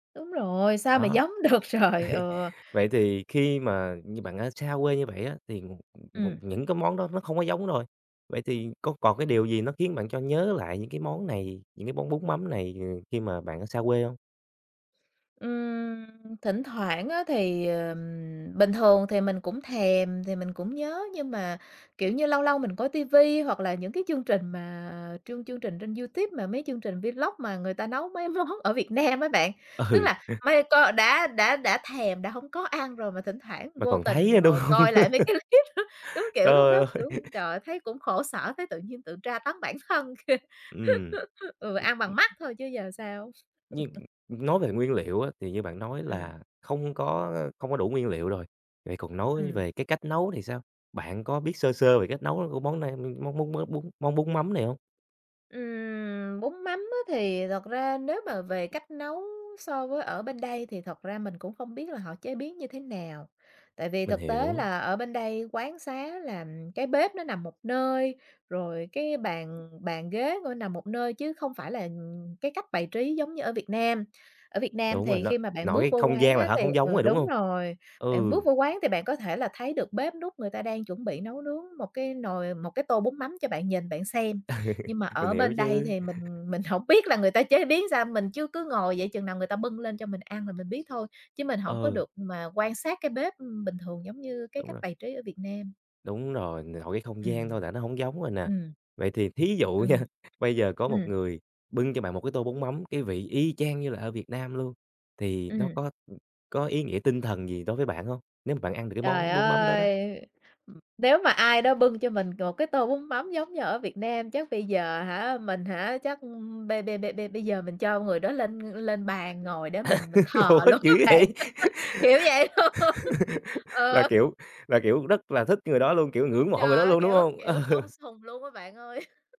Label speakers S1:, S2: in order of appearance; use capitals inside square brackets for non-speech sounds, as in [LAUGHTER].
S1: Đúng rồi, sao
S2: Đó.
S1: mà
S2: Đấy,
S1: giống được trời, ừ.
S2: vậy thì khi mà như bạn ở xa quê như vậy á thì
S1: Ừm.
S2: những cái món đó nó không có giống rồi, vậy thì có còn cái điều gì nó khiến bạn cho nhớ lại những cái món này, những cái món bún mắm này, ờ, khi mà bạn ở xa quê hông?
S1: Ừm, thỉnh thoảng á thì ừm, bình thường thì mình cũng thèm thì mình cũng nhớ nhưng mà, kiểu như, lâu lâu mình coi ti vi hoặc là những cái chương trình mà chương chương trình trên YouTube mà mấy chương trình vlog mà người ta nấu mấy món ở Việt Nam á bạn, tức
S2: Ừ.
S1: là mây co đã đã đã thèm, đã hông có ăn rồi mà thỉnh thoảng
S2: Mà
S1: vô
S2: còn
S1: tình
S2: thấy á, đúng
S1: ngồi
S2: hông?
S1: coi lại mấy cái
S2: [LAUGHS]
S1: clip đó, đúng kiểu
S2: Trời
S1: lúc đó,
S2: ơi!
S1: kiểu, trời
S2: [LAUGHS]
S1: ơi thấy cũng khổ sở, thấy tự nhiên tự tra tấn bản thân.
S2: Ừm.
S1: [LAUGHS] Ừ, ăn bằng mắt thôi chứ giờ sao.
S2: Nhưng,
S1: [CHUCKLES]
S2: ưm, nói về nguyên liệu á, thì như bạn nói
S1: Ừm.
S2: là không có, a, không có đủ nguyên liệu rồi, vậy còn nói
S1: Ừm.
S2: về cái cách nấu thì sao? Bạn có biết sơ sơ về cách nấu, ơ, của món này, ưm, món món mới bún món bún mắm này hông?
S1: Ừm, bún mắm á thì thật ra nếu mà về cách nấu so với ở bên đây thì thật ra mình cũng không biết là họ chế biến như thế nào. Tại vì
S2: Mình
S1: thực tế
S2: hiểu.
S1: là ở bên đây quán xá là cái bếp nó nằm một nơi, rồi cái bàn bàn ghế [UNINTELLIGIBLE] nằm một nơi chứ không phải là, ừm, cái cách bài trí giống như ở Việt Nam. Ở Việt Nam
S2: Đúng rồi
S1: thì
S2: đó.
S1: khi mà bạn
S2: Nội
S1: bước
S2: cái
S1: vô
S2: không
S1: quán
S2: gian là
S1: á
S2: đã
S1: thì
S2: hông
S1: ừ,
S2: giống rồi, đúng
S1: đúng
S2: hông?
S1: rồi, bạn bước
S2: Ừ.
S1: vô quán thì bạn có thể là thấy được bếp núc người ta đang chuẩn bị nấu nướng một cái nồi, một cái tô bún mắm cho bạn nhìn bạn xem.
S2: Ừ.
S1: Nhưng mà
S2: Mình
S1: ở
S2: hiểu
S1: bên đây
S2: chứ.
S1: thì mình mình hổng biết là người ta chế biến sao, mình chứ cứ ngồi vậy chừng nào người ta bưng lên cho mình ăn là mình biết thôi, chứ mình hổng có
S2: Ừ.
S1: được mà quan sát cái bếp, ưm, bình thường giống như cái
S2: Đúng
S1: cách
S2: rồi.
S1: bài trí ở Việt Nam.
S2: Đúng rồi, nội cái không gian
S1: Ừm.
S2: thôi là nó hông giống rồi nè.
S1: Ừm.
S2: Vậy thì thí dụ nha,
S1: Ừm.
S2: bây giờ có một
S1: Ừm.
S2: người bưng cho bạn một cái tô bún mắm, cái vị y chang như là ở Việt Nam luôn, thì nó
S1: Ừm.
S2: có, ừm, có ý nghĩa tinh thần gì đối với bạn hông? Nếu mà bạn ăn được cái
S1: Trời
S2: món bún mắm đó đó.
S1: ơi! Ừm, nếu mà ai đó bưng cho mình một cái tô bún mắm giống như ở Việt Nam chắc bây giờ hả, mình hả, chắc bây bây bây bây bây giờ mình cho người đó lên lên bàn ngồi để mình mình
S2: [LAUGHS] Ủa,
S1: thờ luôn
S2: dữ
S1: á bạn,
S2: vậy?
S1: [LAUGHS] kiểu vậy luôn, [LAUGHS]
S2: [LAUGHS] Là
S1: ờ.
S2: kiểu là kiểu rất là thích người đó luôn, kiểu, ngưỡng mộ người
S1: Trời
S2: đó
S1: ơi,
S2: luôn, đúng
S1: kiểu
S2: hông?
S1: kiểu tôn
S2: Ừ.
S1: sùng luôn á bạn ơi! [CHUCKLES]